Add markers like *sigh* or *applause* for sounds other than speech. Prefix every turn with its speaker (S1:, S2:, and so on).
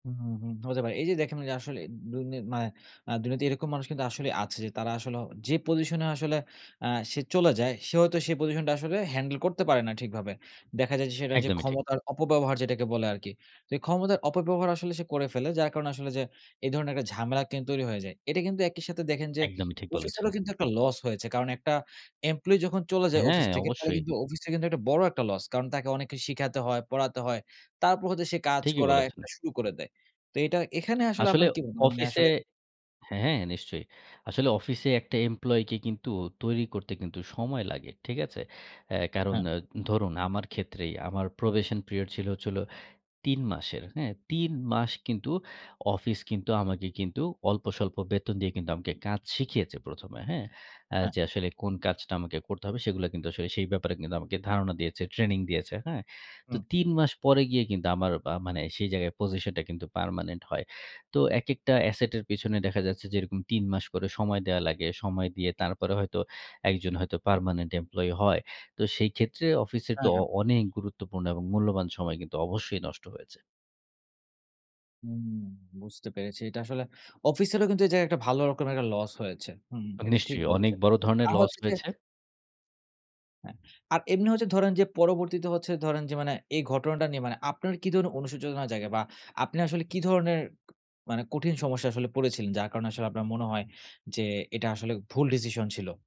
S1: হু, হুম, হুম হতে পারে। এই যে দেখেন আসলে। দুনি মানে, আ দুনিয়াতে এরকম মানুষ কিন্তু আসলেই আছে যে, তারা আসলে; যে পজিশন এ আসলে আ সে চলে যায়, সে হয়তো সেই পজিশনটা আসলে হ্যান্ডেল করতে পারে না ঠিকভাবে। দেখা যায় যে সেটা যে
S2: একদমই ঠিক।
S1: ক্ষমতার অপব্যবহার যেটাকে বলে আরকি। তো এই ক্ষমতার অপব্যবহার আসলে সে করে ফেলে। যার কারণে আসলে যে এই ধরনের একটা ঝামেলা কিন্তু তৈরি হয়ে যায়। এটা কিন্তু একই সাথে দেখেন যে,
S2: একদমই ঠিক বলেছেন।
S1: অফিসেরও কিন্তু একটা লস হয়েছে। কারণ একটা এমপ্লয়ি যখন চলে যায়
S2: হ্যাঁ,
S1: অফিস থেকে, তাহলে
S2: অবশ্যই।
S1: কিন্তু অফিসটার কিন্তু একটা বড় একটা লস। কারণ তাকে অনেক কিছু শিখাতে হয়, পড়াতে হয়। তারপর হয়তো সে কাজ
S2: ঠিকই
S1: করা
S2: বলেছেন।
S1: একটা শুরু করে দেয়। তো এটা এখানে আসলে
S2: আসলে
S1: আপনার কি *unintelligible* মানে
S2: অফিসে
S1: আসলে
S2: হ্যাঁ, নিশ্চয়ই। আসলে অফিসে একটা এমপ্লয়ি কে কিন্তু, তৈরি করতে কিন্তু সময় লাগে। ঠিক আছে? এ কারণ
S1: হ্যাঁ।
S2: আ ধরুন আমার ক্ষেত্রেই, আমার প্রোবেশন পিরিয়ড ছিল হচ্ছে হল ৩ মাসের। হ্যাঁ? ৩ মাস কিন্তু অফিস কিন্তু আমাকে কিন্তু, অল্পস্বল্প বেতন দিয়ে আমাকে কাজ শিখিয়েছে ১ম এ, হ্যাঁ? আ
S1: হ্যাঁ।
S2: যে আসলে কোন কাজটা আমাকে করতে হবে, সেগুলো কিন্তু আসলে সেই ব্যাপারে কিন্তু আমাকে ধারণা দিয়েছে, ট্রেনিং দিয়েছে। হ্যাঁ? তো
S1: হুম।
S2: ৩ মাস পরে গিয়ে কিন্তু, আমার আ মানে সেই জায়গায় পজিশনটা কিন্তু পার্মানেন্ট হয়। তো একেকটা অ্যাসেট এর পেছনে দেখা যাচ্ছে যে, এরকম ৩ মাস করে সময় দেয়া লাগে। সময় দিয়ে তারপরে হয়তো একজন হয়তো পার্মানেন্ট এমপ্লয়ি হয়। তো সেই ক্ষেত্রে অফিসের তো
S1: হ্যাঁ,
S2: অ
S1: হ্যাঁ।
S2: অনেক গুরুত্বপূর্ণ এবং মূল্যবান সময় কিন্তু অবশ্যই নষ্ট হয়েছে।
S1: হুম, বুঝতে পেরেছি। এটা আসলে অফিসেরও কিন্তু এই জায়গায় একটা ভালো রকমের একটা লস হয়েছে। হুম, এটা ঠিক
S2: নিশ্চয়ই, অনেক
S1: বলেছেন।
S2: বড় ধরনের
S1: আর
S2: লস
S1: হচ্ছে যে
S2: হয়েছে।
S1: হ্যাঁ। আর এমনি হচ্ছে ধরেন যে পরবর্তীতে হচ্ছে ধরেন যে মানে, এই ঘটনাটা নিয়ে মানে আপনার কি ধরনের অনুশোচনা জাগে বা আপনি আসলে কি ধরনের মানে, কঠিন সমস্যায় আসলে পড়েছিলেন? যার কারণে আসলে আপনার মনে হয় যে, এটা আসলে ভুল ডিসিশন ছিল?